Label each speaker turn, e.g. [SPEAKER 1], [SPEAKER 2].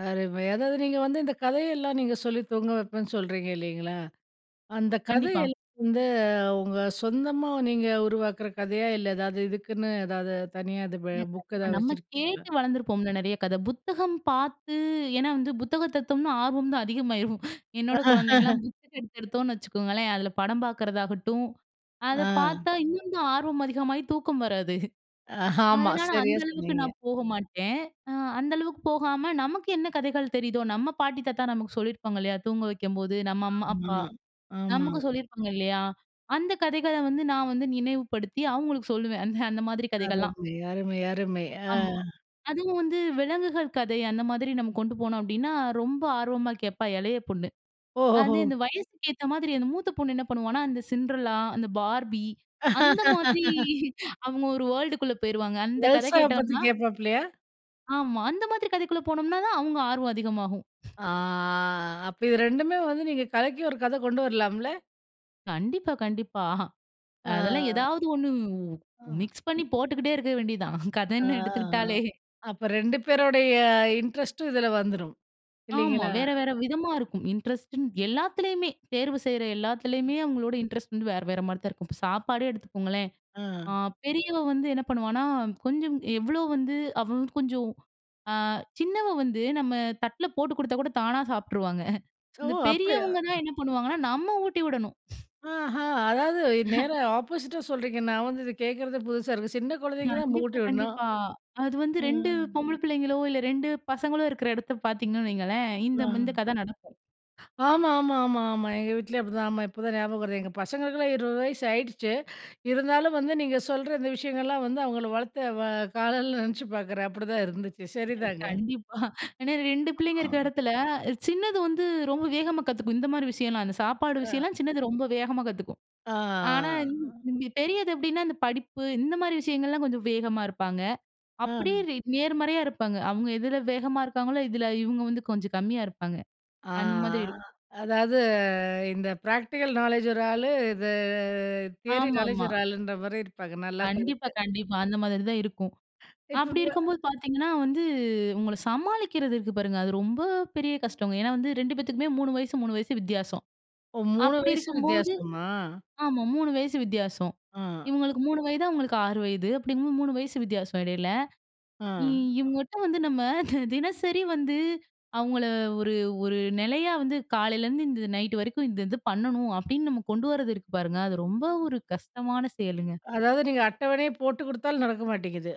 [SPEAKER 1] அருமை. அதாவது நீங்க வந்து இந்த கதையெல்லாம் நீங்க சொல்லி தூங்க வைப்பேன்னு சொல்றீங்க இல்லேங்களா! அந்த கதை
[SPEAKER 2] கண்டிப்பா.
[SPEAKER 1] எல் [unintelligible] வந்து உங்க சொந்தமா நீங்க உருவாக்கிற கதையா இல்ல, எதாவது இதுக்குன்னு எதாவது தனியா இது ப
[SPEAKER 2] இல்ல, இல்ல.
[SPEAKER 1] புக்
[SPEAKER 2] இப்ப
[SPEAKER 1] எதாவது
[SPEAKER 2] நம்ம
[SPEAKER 1] வச்சுருக்கீங்களா?
[SPEAKER 2] கேட்டு வளர்ந்துருப்போம்ல. நிறைய கத. புத்தகம் பார்த்து ஏன்னா வந்து புத்தகம் எடுத்தோம்னா ஆர்வம் தான் அதிகமாயிரும் என்னோட குழந்தைங்கலாம் புத்தகம் எடுத்து எடுத்தோன்னு வச்சுக்கோங்களேன்! அதில படம் பார்க்கறதாகட்டும், அத
[SPEAKER 1] ஆ.
[SPEAKER 2] பார்த்தா இன்னும் தான் ஆர்வம் அதிகமாக தூக்கம் வராது
[SPEAKER 1] அ ஆமா,
[SPEAKER 2] அதனால அந்த
[SPEAKER 1] சரியா
[SPEAKER 2] அளவுக்கு
[SPEAKER 1] சொன்னீங்க.
[SPEAKER 2] நான் போக மாட்டேன். ஆ அந்த அளவுக்கு போகாம நமக்கு என்ன கதைகள் தெரியுதோ! நம்ம பாட்டி, தாத்தா நமக்கு சொல்லியிருப்பாங்க இல்லயா! தூங்க வைக்கும்போது, நம்ம அம்மா, அப்பா,
[SPEAKER 1] [unintelligible] ஆமா.
[SPEAKER 2] நமக்கு சொல்லிருப்பாங்க இல்லயா! அந்த கதைகள வந்து நான் வந்து நினைவுப்படுத்தி அவுங்களுக்கு சொல்லுவேன். அந்த, அந்த மாதிரி கதைகள்லாம்.
[SPEAKER 1] அருமை, அருமை, அருமை. ஆ.
[SPEAKER 2] ஆமா. அதுவும் வந்து விலங்குகள் கதை அந்த மாதிரி நம்ம கொண்டு போனோம் அப்பிடின்னா, ரொம்ப ஆர்வமா கேட்பா இளைய பொண்ணு.
[SPEAKER 1] ஓஹோ! ஹோ!
[SPEAKER 2] அது இந்த வயதுக்கு ஏத்த மாதிரி அந்த மூத்த பொண்ணு என்ன பண்ணுவான்னா, அந்த சின்டர்லா அந்த பார்பி அந்த மாதிரி அவுங்க ஒரு வேர்ல்டு க்குள்ள போயிருவாங்க. அந்த கதை
[SPEAKER 1] எல்சா வ பத்தி
[SPEAKER 2] கேட்டோன்னா
[SPEAKER 1] கேட்பாப்பிலயா?
[SPEAKER 2] ஆமா. அந்த மாதிரி கதைக்குள்ள போனம்னாதான் அவங்க ஆர்வம் அதிகமாகும்.
[SPEAKER 1] ஆ அப்ப இது 2 ம்மே வந்து நீங்க கலக்கி ஒரு கதை கொண்டு வரலாம்ல.
[SPEAKER 2] கண்டிப்பா, கண்டிப்பா
[SPEAKER 1] ஆ.
[SPEAKER 2] அதெல்லாம் ஏதாவது 1
[SPEAKER 1] அ.
[SPEAKER 2] மிக்ஸ் பண்ணி போட்டுக்கிட்டே இருக்க வேண்டியது தான்.
[SPEAKER 1] ஆ, ஆ.
[SPEAKER 2] கதன்னு எடுத்துக்கிட்டாலே!
[SPEAKER 1] அப்ப 2 பேருடைய இன்ட்ரெஸ்ட் ம் இதில வந்துரும்,
[SPEAKER 2] ஆமா.
[SPEAKER 1] இல்லேங்களா!
[SPEAKER 2] வேற, வேற விதமா இருக்கும். இன்ட்ரெஸ்ட்டுன்னு எல்லாத்துலேயுமே தேர்வு செய்ற எல்லாத்துலயுமே! அவுங்களோட இன்ட்ரெஸ்ட் வந்து வேற, வேறமாரி தான் இருக்கும். இப்ப சாப்பாடே எடுத்துக்கோங்களேன்! ஆ
[SPEAKER 1] ஆ.
[SPEAKER 2] பெரியவ வந்து என்ன பண்ணுவான்னா, கொஞ்சம் எவ்வளோ வந்து அவ வந்து கொஞ்சம் ஆ சின்னவ வந்து நம்ம தட்ல போட்டு கொடுத்தாகூட தானா சாப்பிட்டுருவாங்க
[SPEAKER 1] ஓ!
[SPEAKER 2] இந்த
[SPEAKER 1] அப்பிடியா!
[SPEAKER 2] பெரியவங்க தான் என்ன பண்ணுவாங்கன்னா, நம்ம ஊட்டி விடணும்
[SPEAKER 1] ஆஹா! அதாவது அ நேரா ஆப்போசிட் ஆ சொல்றீங்க. நான் வந்து இத கேட்கிறது புதுசா இருக்கு. சின்ன குழந்தைங்க தான்
[SPEAKER 2] கண்டிப்பா,
[SPEAKER 1] மூட்டி விட்ணும்.
[SPEAKER 2] கண்டிப்பா. அது வந்து
[SPEAKER 1] ம்,
[SPEAKER 2] 2
[SPEAKER 1] ம்.
[SPEAKER 2] பொம்பள பிள்ளைங்களோ! இல்ல 2 பசங்களோ இருக்கிற இடத்த பார்த்தீங்கன்னு வைங்களேன். இந்த, இந்த கதை நடக்கும்.
[SPEAKER 1] [unintelligible] ஆமா, ஆமா, ஆமா, ஆமா. எங்க வீட்லயும் அப்பிடிதான் ஆமா. இப்ப தான் ஞாபகம் வருது. எங்க பசங்களுக்கெல்லாம் 20 வயசு ஆகிடுச்சு. இருந்தாலும் வந்து நீங்க சொல்ற இந்த விஷயங்கள்லாம் வந்து அவுங்கள வளர்த்து வ காலலலாம் நினைச்சு பார்க்குறேன். அப்புடிதான் இருந்துச்சு.
[SPEAKER 2] [unintelligible]
[SPEAKER 1] சரிதாங்க.
[SPEAKER 2] கண்டிப்பா ஏன்னா, 2 பிள்ளைங்க இருக்கிற இடத்துல, அ சின்னது வந்து ரொம்ப வேகமா கத்துக்கும். இந்தமாரி விஷயம்லாம். அந்த சாப்பாடு
[SPEAKER 1] அ.
[SPEAKER 2] விஷயம்லாம் சின்னது ரொம்ப வேகமா கத்துக்கும்.
[SPEAKER 1] ஆ, ஆ.
[SPEAKER 2] ஆனா
[SPEAKER 1] ஆ.
[SPEAKER 2] [unintelligible] பெரியது எப்பிடின்னா, அந்த படிப்பு இந்த மாதிரி விஷயங்கள்லாம் கொஞ்சம் வேகமா இருப்பாங்க.
[SPEAKER 1] ஆ.
[SPEAKER 2] அப்பிடியே ரே நேர்மறையா இருப்பாங்க. அவுங்க எதில வேகமா இருக்காங்களோ! இதில இவுங்க வந்து கொஞ்சம் கம்மியா இருப்பாங்க.
[SPEAKER 1] ஆ,
[SPEAKER 2] அந்த மாதிரி இருக்கும்.
[SPEAKER 1] ஆ. அதாவது இந்த பிராக்டிகல் நாலேட்ஜ் ஒரு ஆள். இது தியரி
[SPEAKER 2] ஆமா,
[SPEAKER 1] நாலேட்ஜ்
[SPEAKER 2] ஆமா.
[SPEAKER 1] ஒரு ஆளுன்றமாரி இருப்பாங்க. நல்லா தான்
[SPEAKER 2] கண்டிப்பா,
[SPEAKER 1] இருக்கு.
[SPEAKER 2] கண்டிப்பா. அந்த மாதிரி தான் இருக்கும்.
[SPEAKER 1] இப்ப
[SPEAKER 2] அப்பிடி
[SPEAKER 1] [unintelligible]
[SPEAKER 2] இருக்கும்போது பார்த்தீங்கன்னா வந்து அவுங்கள சமாளிக்கிறது இருக்கு பாருங்க! அது ரொம்ப பெரிய கஷ்டங்க. ஏன்னா வந்து 2 பேத்துக்குமே 3 வயசு, 3 வயசு வித்தியாசம்.
[SPEAKER 1] ஓ! 3
[SPEAKER 2] அப்பிடி
[SPEAKER 1] வயசு
[SPEAKER 2] இருக்கும்போது
[SPEAKER 1] வித்தியாசமா?
[SPEAKER 2] ஆமா 3 வயசு வித்தியாசம்
[SPEAKER 1] ஆ.
[SPEAKER 2] இவுங்களுக்கு 3 வயது, அவுங்களுக்கு 6 வயது. அப்பிடிங்கம்போது 3 வயசு வித்தியாசம் இடையில.
[SPEAKER 1] ஆ.
[SPEAKER 2] இ இவங்கட்ட வந்து நம்ம தி தினசரி வந்து அவுங்கள ஒரு, ஒரு நிலையா வந்து காலையிலேருந்து இந்த நைட்டு வரைக்கும் இந்த இது பண்ணணும் அப்பிடின்னு நம்ம கொண்டு வர்றது இருக்கு பாருங்க! அது ரொம்ப ஒரு கஷ்டமான செயலுங்க.
[SPEAKER 1] அதாவது நீங்க அட்டவணையே போட்டு கொடுத்தாலும் நடக்க மாட்டேங்குது.